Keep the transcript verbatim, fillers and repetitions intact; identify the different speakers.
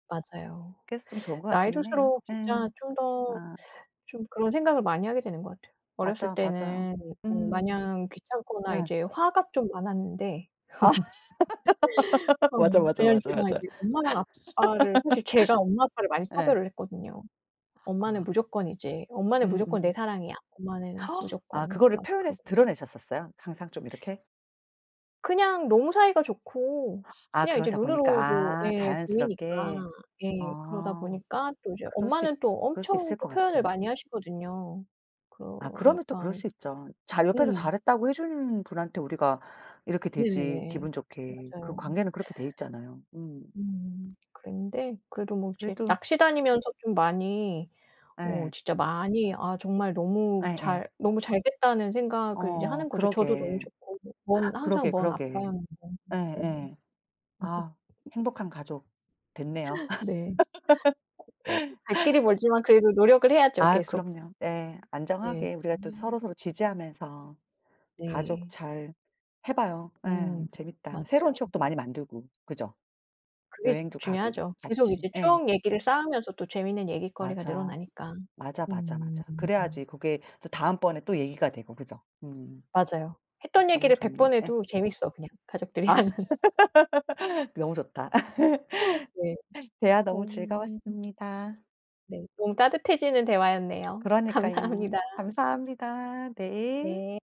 Speaker 1: 맞아요.
Speaker 2: 그래서 좀 좋은 것
Speaker 1: 나이
Speaker 2: 같기는 해요.
Speaker 1: 들수록
Speaker 2: 예.
Speaker 1: 진짜 좀 더
Speaker 2: 아.
Speaker 1: 좀 그런 생각을 많이 하게 되는 것 같아요. 어렸을
Speaker 2: 맞아, 맞아요.
Speaker 1: 때는 어
Speaker 2: 음.
Speaker 1: 마냥 귀찮거나
Speaker 2: 네.
Speaker 1: 이제 화가 좀 많았는데.
Speaker 2: 아
Speaker 1: 어
Speaker 2: 맞아, 맞아,
Speaker 1: 왜냐면
Speaker 2: 맞아,
Speaker 1: 제가
Speaker 2: 맞아.
Speaker 1: 이제 엄마랑 아빠를 사실 제가 엄마 아빠를 많이
Speaker 2: 예.
Speaker 1: 차별을 했거든요. "엄마는
Speaker 2: 아.
Speaker 1: 무조건이지 엄마는 무조건 내
Speaker 2: 음음음.
Speaker 1: 사랑이야 엄마는
Speaker 2: 아
Speaker 1: 무조건."
Speaker 2: 그거를
Speaker 1: 막
Speaker 2: 표현해서
Speaker 1: 그러고.
Speaker 2: 드러내셨었어요 항상 좀 이렇게?
Speaker 1: 그냥 너무 사이가 좋고
Speaker 2: 아
Speaker 1: 그냥 이제
Speaker 2: 그러다 보니까
Speaker 1: 눈으로도
Speaker 2: 아
Speaker 1: 예 보이니까
Speaker 2: 자연스럽게.
Speaker 1: 예 그러다
Speaker 2: 어.
Speaker 1: 보니까 또 이제
Speaker 2: 그럴 수 있
Speaker 1: 엄마는 또
Speaker 2: 그럴 수
Speaker 1: 엄청
Speaker 2: 있을
Speaker 1: 또
Speaker 2: 것
Speaker 1: 표현을
Speaker 2: 같아요.
Speaker 1: 많이 하시거든요.
Speaker 2: 아 그러면 또 그럴
Speaker 1: 그러니까
Speaker 2: 수 있죠. 잘 옆에서
Speaker 1: 음.
Speaker 2: 잘했다고 해 주는 분한테 우리가 이렇게 되지
Speaker 1: 네네네.
Speaker 2: 기분 좋게. 그
Speaker 1: 맞아요.
Speaker 2: 관계는 그렇게 돼 있잖아요. 음.
Speaker 1: 음 그랬는데 그래도 뭐 이제
Speaker 2: 그래도
Speaker 1: 낚시 다니면서 좀 많이 어
Speaker 2: 예.
Speaker 1: 진짜 많이 '아 정말 너무
Speaker 2: 예예.
Speaker 1: 잘 너무 잘 됐다.'는 생각을 이제
Speaker 2: 어
Speaker 1: 하는 거죠. 저도 너무
Speaker 2: 그러게.
Speaker 1: 좋고. 먼, 항상
Speaker 2: 그러게,
Speaker 1: 먼
Speaker 2: 그러게.
Speaker 1: 아빠였는데. 네네.
Speaker 2: 예예. 아 행복한 가족 됐네요.
Speaker 1: 네. [unintelligible] 갈 길이 멀지만 그래도 노력을 해야죠
Speaker 2: 아
Speaker 1: 계속.
Speaker 2: 그럼요. 예.
Speaker 1: 네.
Speaker 2: 안정하게 우리가 또
Speaker 1: 음.
Speaker 2: 서로서로 지지하면서 가족
Speaker 1: 네.
Speaker 2: 잘 해 봐요. 예.
Speaker 1: 음
Speaker 2: 재밌다. 새로운
Speaker 1: 맞아요.
Speaker 2: 추억도 많이 만들고 그죠.
Speaker 1: 그게
Speaker 2: 여행도 가고
Speaker 1: 중요하죠. 계속
Speaker 2: 같이.
Speaker 1: 이제
Speaker 2: 예.
Speaker 1: 추억 얘기를 쌓으면서 또 재밌는 얘깃거리가
Speaker 2: 맞아.
Speaker 1: 늘어나니까.
Speaker 2: 맞아, 맞아, 맞아.
Speaker 1: 음음음.
Speaker 2: 그래야지 그게 또 다음번에 또 얘기가 되고 그죠. 음.
Speaker 1: 맞아요. 했던
Speaker 2: 너무
Speaker 1: 얘기를 백
Speaker 2: 좋네.
Speaker 1: 번
Speaker 2: 예.
Speaker 1: 해도 재밌어 그냥
Speaker 2: 아
Speaker 1: 가족들이랑은.
Speaker 2: 너무 좋다.
Speaker 1: 네.
Speaker 2: 대화 너무
Speaker 1: 어.
Speaker 2: 즐거웠습니다.
Speaker 1: 네. 너무 따뜻해지는 대화였네요.
Speaker 2: 그러니까요.
Speaker 1: 감사합니다.
Speaker 2: 감사합니다. 네.
Speaker 1: 네.